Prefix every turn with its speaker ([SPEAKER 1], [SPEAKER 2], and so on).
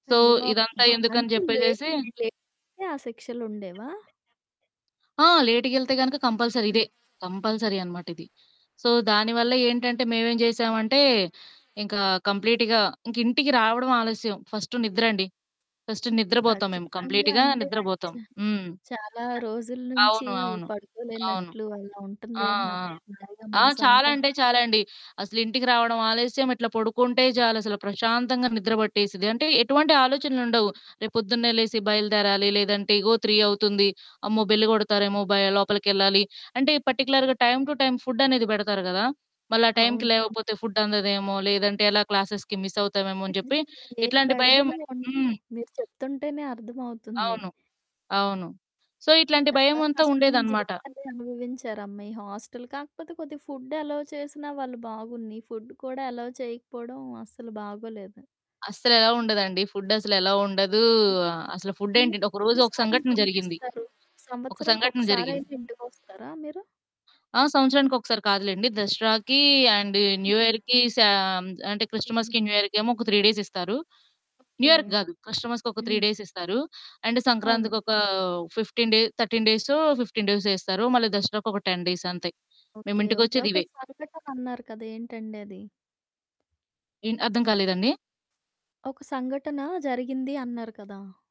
[SPEAKER 1] So, ఇదంతా
[SPEAKER 2] అయ్యబాబోయ్!
[SPEAKER 1] ఎందుకని
[SPEAKER 2] అంటే, లేటు,
[SPEAKER 1] జెప్పేసేసి
[SPEAKER 2] లేటు‌గెళ్తే ఆ శిక్షలుండేవా?
[SPEAKER 1] ఆ! లేటుగెళ్తే గనుక కంపల్సరీ
[SPEAKER 2] హ్మ్.
[SPEAKER 1] ఇదే. కంపల్సరీ అనమాట ఇది. సో, దానివల్ల ఏంటంటే మేమేం చేశామంటే ఇంకా కంప్లీట్‌గా ఇంక ఇంటికి రావడం ఆలస్యం ఫస్టు నిద్రండి. ఫస్టు నిద్రబోతాం మేము.
[SPEAKER 2] ఖచ్చితంగా
[SPEAKER 1] కంప్లీట్‌గా
[SPEAKER 2] అంటే,
[SPEAKER 1] నిద్రబోతాం. హ్మ్.
[SPEAKER 2] చా చాలా రోజుల
[SPEAKER 1] ఆ!
[SPEAKER 2] నుంచి
[SPEAKER 1] అవును. అవును. అవును.
[SPEAKER 2] పడుకోలేనట్లు అలా
[SPEAKER 1] ఆ! ఆ!
[SPEAKER 2] ఉంటందేమో హాయిగా
[SPEAKER 1] ఆ! చాలా
[SPEAKER 2] మనసంతా.
[SPEAKER 1] అంటే చాలా అండి. అసలు ఇంటికి రావడం ఆలస్యం ఇట్లా పొడుకుంటే చాలసలు ప్రశాంతంగా నిద్ర పట్టేసిద్ది. అంటే ఎటువంటి ఆలోచనలుండవు. రేపొద్దున్నే లేసి బయలుదేరాలి, లేదంటే ఇగో 3 అవుతుంది, అమ్మో! బెల్లు కొడతారేమో భయ లోపలికెళ్ళాలి. అంటే, ఈ పర్టిక్యులర్‌గా టైమ్ టు టైమ్ ఫుడ్డనేది బెడతారు గదా! మళ్ళా టైంకి
[SPEAKER 2] అవును.
[SPEAKER 1] లేవకపోతే ఫుడ్డందదేమో లేదంటే ఎలా క్లాసెస్‌కి మిస్సవుతామేమో అని జెప్పి
[SPEAKER 2] ఇంతకీ ఏ
[SPEAKER 1] ఇట్లాంటి భయం,
[SPEAKER 2] బెడదలు ఉండవు.
[SPEAKER 1] హ్మ్.
[SPEAKER 2] మీరు చెప్తుంటేనే అర్థమవుతుంది.
[SPEAKER 1] అవును. అవును. సో ఇట్లాంటి
[SPEAKER 2] చాలా
[SPEAKER 1] భయమంతా
[SPEAKER 2] కష్టమైన
[SPEAKER 1] ఉండేదనమాట.
[SPEAKER 2] జీవితాన్ని అనుభవించారమ్మా ఈ హాస్టలు కాకపోతే, కొద్దిగా ఫుడ్ ఎలోవ్ చేసినా వాళ్ళు బాగున్ను. ఈ ఫుడ్ కూడా ఎలోవ్ చేయకపోవడం అస్సలు బాగోలేదు.
[SPEAKER 1] అస్సలు ఎలోవ్ ఉండదండి? ఫుడ్డసలు ఎలోవ్ ఉండదు. అసలు
[SPEAKER 2] ఇయర్‌కి
[SPEAKER 1] ఫుడ్డేంటండి, ఒక రోజు
[SPEAKER 2] ఎన్ని
[SPEAKER 1] ఒక
[SPEAKER 2] సార్లు
[SPEAKER 1] సంఘటన జరిగింది,
[SPEAKER 2] పంపిస్తారు?
[SPEAKER 1] ఒక సంఘటన జరిగింది.
[SPEAKER 2] సంవత్సరంకొక్కసారయినా ఇంటికొస్తారా మీరు?
[SPEAKER 1] ఆ! సంవత్సరానికి ఒకసారి కాదులెండి. దసరాకీ అండ్ న్యూ
[SPEAKER 2] హ్మ్.
[SPEAKER 1] ఇయర్‌కి శాం అంటే
[SPEAKER 2] హ్మ్.
[SPEAKER 1] క్రిస్టమస్‌కి న్యూ ఇయర్‌కేమో ఒక 3 డేస్ ఇస్తారు.
[SPEAKER 2] ఓకే.
[SPEAKER 1] న్యూయర్‌కి గాదు. క్రిస్టమస్‌కి ఒక 3
[SPEAKER 2] హ్మ్.
[SPEAKER 1] డేస్ ఇస్తారు. అండ్
[SPEAKER 2] అవును.
[SPEAKER 1] సంక్రాంతికొక 15 డే 13 డేసో, 15 డేసో ఇస్తారు. మళ్ళీ దసరాకొక 10 డేస్ అంతే. మేము
[SPEAKER 2] ఓకే. ఓకే. ఒక
[SPEAKER 1] ఇంటికొచ్చేదివే.
[SPEAKER 2] సంఘటనన్నారు కదా! ఏంటండది?
[SPEAKER 1] ఏంటి? అర్థం కాలేదండి.
[SPEAKER 2] ఒక సంఘటన జరిగింది అన్నారు కదా!